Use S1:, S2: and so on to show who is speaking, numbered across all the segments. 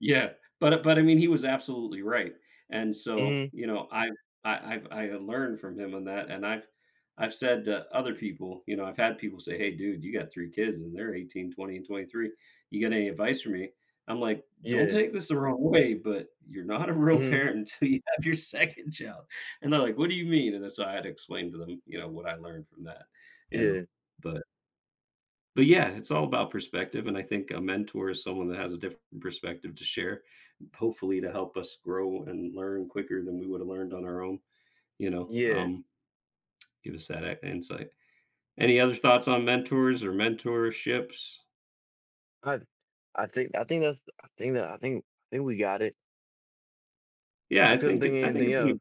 S1: Yeah, but but I mean, he was absolutely right. And so,
S2: Mhm.
S1: you know, I I I've I've learned from him on that, and I've I've said to other people, you know, I've had people say, "Hey, dude, you got three kids, and they're 18 20, and 23. You got any advice for me?" I'm like, "Don't
S2: Yeah.
S1: take this the wrong way, but you're not a real
S2: Mhm.
S1: parent until you have your second child." And they're like, "What do you mean?" And then so I had to explain to them, you know, what I learned from that, you know,
S2: Yeah.
S1: but but yeah, it's all about perspective. And I think a mentor is someone that has a different perspective to share, hopefully to help us grow and learn quicker than we would've learned on our own, you know,
S2: Yeah.
S1: um, give us that a insight. Any other thoughts on mentors or mentorships?
S2: I thi I think I think that's I think that I think think we got it.
S1: Yeah,
S2: I
S1: I
S2: couldn't
S1: think
S2: think
S1: it I think
S2: anything
S1: it's
S2: else.
S1: really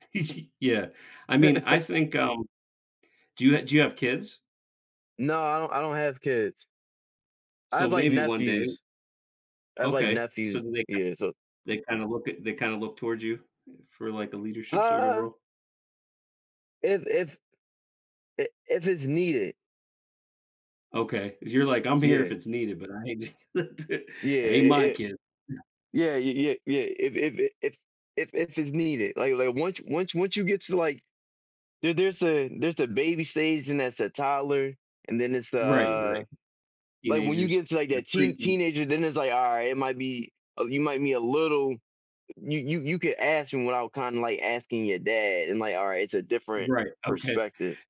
S1: Yeah. I mean, I think, um do you do you have kids?
S2: No, I don't I don't have kids. I
S1: So,
S2: have, like,
S1: maybe one day.
S2: nephews. I have, like,
S1: Okay. So,
S2: nephews.
S1: do they ki
S2: Yeah, so
S1: they kinda look at they kinda look towards you for, like, the leadership sort of
S2: uh
S1: role?
S2: if if er, if it's needed.
S1: Okay, 'cause you're like, "I'm here if
S2: Yeah.
S1: it's needed, but I d hate to
S2: Yeah
S1: ain't my
S2: yeah.
S1: kid."
S2: Yeah, y yeah, yeah, if if eh if if if it's needed, like like, once once once you get to, like, there there's a there's a baby stage and there's a toddler, and then it's the,
S1: Right,
S2: uh
S1: right.
S2: like, when you get
S1: Teenagers.
S2: into like
S1: They're
S2: that teen
S1: preteen.
S2: teenager, then it's like, alright it might be oh, you might be a little you you you could ask him without kinda, like, asking your dad. And, like, uh, it's a different
S1: Right, okay.
S2: perspective.